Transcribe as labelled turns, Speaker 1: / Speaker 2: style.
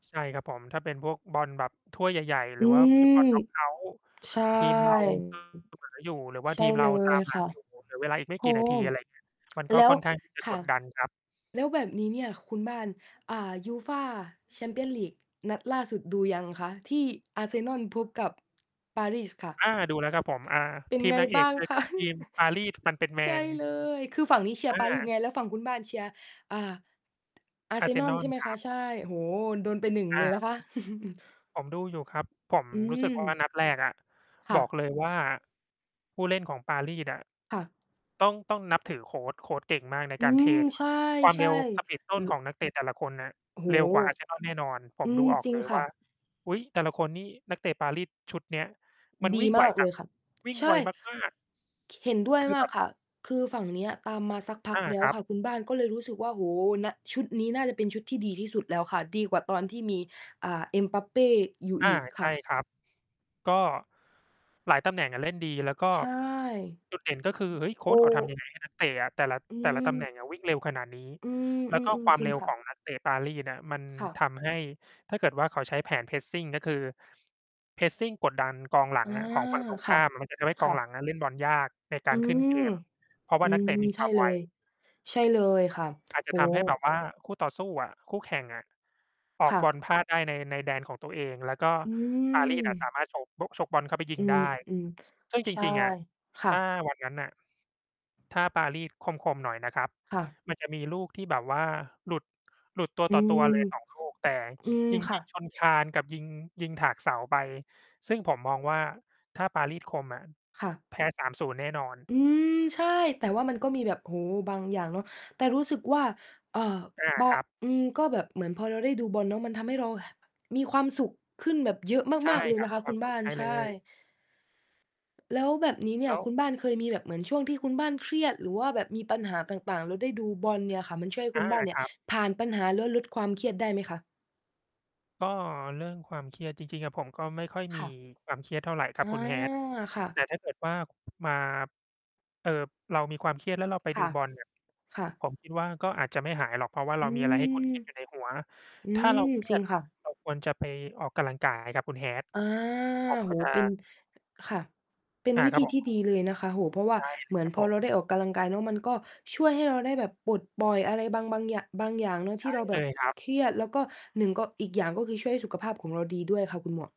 Speaker 1: ใช่ครับผม ถ้าเป็นพวกบอลแบบถ้วยใหญ่ ๆ ห
Speaker 2: อ
Speaker 1: ร
Speaker 2: ื
Speaker 1: ือว่า
Speaker 2: ม
Speaker 1: ฟุตบอลน็อกเอ้าต์
Speaker 2: ใช่
Speaker 1: ทีม เราเสมอ อยู่หรือว่า
Speaker 2: ใช
Speaker 1: ท
Speaker 2: ่
Speaker 1: ีมเ
Speaker 2: เ
Speaker 1: ร
Speaker 2: ล
Speaker 1: า ตา
Speaker 2: ย
Speaker 1: มหล
Speaker 2: ค
Speaker 1: ั
Speaker 2: ่ะ
Speaker 1: งอยู่ เหลือเวลาอีกไม่
Speaker 2: โอ้โฮ
Speaker 1: กี่นาที อะไรอย่างเงี้ย มันก
Speaker 2: แ
Speaker 1: ็
Speaker 2: ล้
Speaker 1: ค
Speaker 2: ว
Speaker 1: ่อนข้าง ที่จะ
Speaker 2: ค
Speaker 1: ก
Speaker 2: ่ะ
Speaker 1: ดดันครับ
Speaker 2: แล้วแบบนี้เนี่ยคุณบ้าน อ่า UEFA Champions League นัดล่าสุดดูยังคะ? ที่ Arsenal พบกับ Paris ค่ะ
Speaker 1: อา ดูแล้วครับผม อ่า
Speaker 2: เป็น
Speaker 1: ทีม
Speaker 2: ไง
Speaker 1: นางเอ
Speaker 2: บ้
Speaker 1: ก
Speaker 2: าง
Speaker 1: เจอ
Speaker 2: ค
Speaker 1: ก
Speaker 2: ะ?
Speaker 1: ับ ทีม Paris ฟันเป็นแม
Speaker 2: ใช่
Speaker 1: ง
Speaker 2: เลย คือฝั่งนี้เชียร
Speaker 1: อ
Speaker 2: ์ Paris
Speaker 1: า
Speaker 2: ไง แล้วฝั่งคุณบ้านเชียร์ อ่า Arsenal
Speaker 1: Arsenal
Speaker 2: ใช่ไหม
Speaker 1: คร
Speaker 2: ค
Speaker 1: ั
Speaker 2: ะ?
Speaker 1: บ
Speaker 2: ใช่ โอ้โฮ โดนไป 1
Speaker 1: อ
Speaker 2: เลยนะ
Speaker 1: า
Speaker 2: คะ
Speaker 1: ผมดูอยู่ครับ ผม
Speaker 2: อื
Speaker 1: รู้สึก ว่
Speaker 2: ม
Speaker 1: า นัดแรกอะ
Speaker 2: ค่
Speaker 1: บอก
Speaker 2: ะ
Speaker 1: เลยว่า ผู้เล่นของ Paris อะ
Speaker 2: ค่ะ
Speaker 1: ต้อง ต้องนับถือโคช โคชเก่งมากใน
Speaker 2: อื
Speaker 1: การเทร
Speaker 2: ม
Speaker 1: น
Speaker 2: ใช
Speaker 1: ความเ
Speaker 2: ่
Speaker 1: ร็วสปีดต้น
Speaker 2: ๆ ล
Speaker 1: ของนักเตะแต่ละคนนะ
Speaker 2: โอ้โฮ
Speaker 1: เร็วกว่า Arsenal แน่นอน ผ
Speaker 2: อื
Speaker 1: มดู
Speaker 2: ม
Speaker 1: ออก
Speaker 2: จริ
Speaker 1: เ
Speaker 2: ง
Speaker 1: ลย
Speaker 2: ค
Speaker 1: ว
Speaker 2: ่
Speaker 1: ่า
Speaker 2: ะ
Speaker 1: อุ๊ย แต่ละคนนี่นักเตะ Paris ชุดเนี้ยมัน
Speaker 2: ด
Speaker 1: ว
Speaker 2: ี
Speaker 1: ิ่ง
Speaker 2: ม
Speaker 1: ไว
Speaker 2: าก
Speaker 1: จ
Speaker 2: เล
Speaker 1: ัง
Speaker 2: ยค่ะ
Speaker 1: วิ่ง
Speaker 2: ใช
Speaker 1: ไว
Speaker 2: ่
Speaker 1: มาก ๆ
Speaker 2: ห เห็นด้วย
Speaker 1: คือ
Speaker 2: ม
Speaker 1: แบ
Speaker 2: าก
Speaker 1: บ
Speaker 2: ค่ะ คือฝั่งนี้อะตามมาสักพั
Speaker 1: อ
Speaker 2: ก
Speaker 1: า
Speaker 2: แล้
Speaker 1: ค
Speaker 2: ว
Speaker 1: รับ
Speaker 2: ค่ะคุณบ้าน ก็เลยรู้สึกว่า โอ้โฮ นะ ชุดนี้น่าจะเป็นชุดที่ดีที่สุดแล้วค่ะ ดีกว่าตอนที่มี อ่า Mbappé อยู่
Speaker 1: อา
Speaker 2: อีก
Speaker 1: ใช
Speaker 2: ค่
Speaker 1: ่ค
Speaker 2: ะ
Speaker 1: รับ ก็ หลายตำแหน่งอะเล่นดี แล้วก็
Speaker 2: ใช่
Speaker 1: จุดเด่นก็คือ เฮ้ย โค
Speaker 2: โก
Speaker 1: ชเขาทำ ยังไง ให้นักเตะอะ แต่ละ
Speaker 2: อื
Speaker 1: แต่ละตำแหน่
Speaker 2: ม
Speaker 1: งอะวิ่งเร็วขนาดนี้?
Speaker 2: อื
Speaker 1: แล้วก็
Speaker 2: อ
Speaker 1: คว
Speaker 2: ๆ
Speaker 1: า
Speaker 2: ๆ
Speaker 1: ม
Speaker 2: จริ
Speaker 1: เ
Speaker 2: ง
Speaker 1: ร็ว
Speaker 2: ค่
Speaker 1: ข
Speaker 2: ะ
Speaker 1: องนักเตะ Paris อะมัน
Speaker 2: ค่ะ
Speaker 1: ทำให้ ถ้าเกิดว่าเขาใช้แผน Pressing ก็คือ Pressing กดดันกองหลั
Speaker 2: อา
Speaker 1: งอะของฝั่งตรง
Speaker 2: ค
Speaker 1: ข
Speaker 2: ่ะ
Speaker 1: ้ามอะ มันจะทำให้
Speaker 2: ค
Speaker 1: กอ
Speaker 2: ่
Speaker 1: ง
Speaker 2: ะ
Speaker 1: หลังอะเล่นบอลยากในก
Speaker 2: อื
Speaker 1: า
Speaker 2: อ
Speaker 1: รขึ้น เกม เพราะว่
Speaker 2: อื
Speaker 1: านักเต
Speaker 2: อ
Speaker 1: ะมี ค
Speaker 2: ใช
Speaker 1: ว
Speaker 2: ่
Speaker 1: าม
Speaker 2: เ
Speaker 1: ไ
Speaker 2: ล
Speaker 1: ว
Speaker 2: ย ใช่เลยค่ะ
Speaker 1: อาจ
Speaker 2: โ
Speaker 1: จ
Speaker 2: อ
Speaker 1: ะ
Speaker 2: ้
Speaker 1: ท
Speaker 2: โ
Speaker 1: ำให้แบบ
Speaker 2: ฮ
Speaker 1: ว่าคู่ต่อสู้อะ คู่แข่งอะออ
Speaker 2: ค
Speaker 1: ก
Speaker 2: ่
Speaker 1: บ
Speaker 2: ะ
Speaker 1: อลพลาดได้ใน ในแดนของตัวเอง แล้วก็
Speaker 2: อื
Speaker 1: Paris อะสา
Speaker 2: ม
Speaker 1: มารถฉกบ๊ก ฉกบอลเข้าไปยิ
Speaker 2: อื
Speaker 1: งได้
Speaker 2: อ
Speaker 1: ซึ่ง
Speaker 2: ๆ
Speaker 1: จ
Speaker 2: ใช่
Speaker 1: ริง ๆ อะ
Speaker 2: ค่
Speaker 1: ถ้า
Speaker 2: ะ
Speaker 1: วันนั้นน่ะ ถ้า Paris คม ๆ หน่อยนะครับ
Speaker 2: ค่ะ
Speaker 1: มันจะมีลูกที่แบบว่าหลุด หลุดตัว
Speaker 2: อื
Speaker 1: ต่อตัวเล
Speaker 2: อ
Speaker 1: ย 2 ลูก แต่
Speaker 2: อือ
Speaker 1: ยิง
Speaker 2: ค
Speaker 1: ย
Speaker 2: ่
Speaker 1: ิง
Speaker 2: ะ
Speaker 1: ชนคานกับยิง ยิงถากเสาไป ซึ่งผมมองว่า ถ้า Paris คมอะ
Speaker 2: ค่ะ
Speaker 1: แพ้ 3:0 แน่นอน
Speaker 2: อืม ใช่ แต่ว่ามันก็มีแบบ โอ้โฮ บางอย่างเนาะ แต่รู้สึกว่า เอ่อ
Speaker 1: อา
Speaker 2: บา
Speaker 1: ครับ
Speaker 2: อือ ก็แบบเหมือนพอเราได้ดูบอลเนาะ มันทำให้เรา ห มีความสุขขึ้นแบบเยอะ
Speaker 1: ใช่
Speaker 2: มาก ๆ เลย
Speaker 1: คร
Speaker 2: น
Speaker 1: ับ
Speaker 2: ะค
Speaker 1: มี
Speaker 2: ะ
Speaker 1: ค
Speaker 2: ค
Speaker 1: ว
Speaker 2: ุ
Speaker 1: าม
Speaker 2: ณ
Speaker 1: ส
Speaker 2: บ
Speaker 1: ุ
Speaker 2: ้า
Speaker 1: ข
Speaker 2: น
Speaker 1: ใช่
Speaker 2: ใช
Speaker 1: เล
Speaker 2: ่
Speaker 1: ย
Speaker 2: แล้วแบบนี้เนี่
Speaker 1: แล
Speaker 2: ย
Speaker 1: ้ว
Speaker 2: คุณบ้านเคยมีแบบเหมือนช่วงที่คุณบ้านเครียด หรือว่าแบบมีปัญหาต่าง ๆ แล้วได้ดูบอลเนี่ยค่ะ มันช่วยให้
Speaker 1: อ
Speaker 2: คุ
Speaker 1: า
Speaker 2: ณบ้านเนี่
Speaker 1: ค
Speaker 2: ย
Speaker 1: รับ
Speaker 2: ผ่านปัญหาแล้วลดความเครียดได้ไหมคะ?
Speaker 1: ก็เรื่องความเครียด จริง ๆ อะผมก็ไม่ค่อย
Speaker 2: ค
Speaker 1: มี
Speaker 2: ่ะ
Speaker 1: ความเครียดเท่าไรคร
Speaker 2: อ
Speaker 1: ับ
Speaker 2: า
Speaker 1: คุณ Hat
Speaker 2: ค่
Speaker 1: แต่
Speaker 2: ะ
Speaker 1: ถ้าเกิดว่า มา เอ่อ เรามีความเครียดแล้วเราไป
Speaker 2: ค
Speaker 1: ดู
Speaker 2: ่ะ
Speaker 1: บอล เนี่ย
Speaker 2: ค่ะ
Speaker 1: ผมคิดว่าก็อาจจะไม่หายหรอก เพราะว่าเ
Speaker 2: อ
Speaker 1: รา
Speaker 2: ื
Speaker 1: มีอะไร
Speaker 2: ม
Speaker 1: ให้ ครุ่นคิดอยู่ใน หัว
Speaker 2: อื
Speaker 1: ถ้า
Speaker 2: ม
Speaker 1: เรา เครี
Speaker 2: จร
Speaker 1: ย
Speaker 2: ิ
Speaker 1: ด
Speaker 2: งค่ะ
Speaker 1: เรา ควรจะไปออกกำลังกายครับคุณ Hat
Speaker 2: อา
Speaker 1: ผม ผม
Speaker 2: โอ้
Speaker 1: ก
Speaker 2: โ
Speaker 1: ็
Speaker 2: ฮ
Speaker 1: จะ
Speaker 2: เป็น ค่ะ เป็น
Speaker 1: อา
Speaker 2: วิ
Speaker 1: คร
Speaker 2: ธ
Speaker 1: ั
Speaker 2: ี
Speaker 1: บ ผ
Speaker 2: ท
Speaker 1: ม
Speaker 2: ี่ดีเลยนะคะ โอ้โฮ เพราะว่
Speaker 1: ใ
Speaker 2: า
Speaker 1: ช่เล
Speaker 2: เห
Speaker 1: ย
Speaker 2: มือ
Speaker 1: ค
Speaker 2: น
Speaker 1: รับ
Speaker 2: พ
Speaker 1: ผ
Speaker 2: อเ
Speaker 1: ม
Speaker 2: ราได้ออกกำลังกายเนาะ มันก็ช่วยให้เราได้แบบปลดปล่อย อะไรบาง บางอย่า บางอย่างเนาะ
Speaker 1: ใ
Speaker 2: ท
Speaker 1: ช
Speaker 2: ี่
Speaker 1: ่
Speaker 2: เราแ
Speaker 1: เ
Speaker 2: บ
Speaker 1: ล
Speaker 2: บ
Speaker 1: ยครับ
Speaker 2: เครียด แล้วก็ 1 ก็ อีกอย่างก็คือช่วยให้สุขภาพของเราดีด้วยค่ะคุณหมวก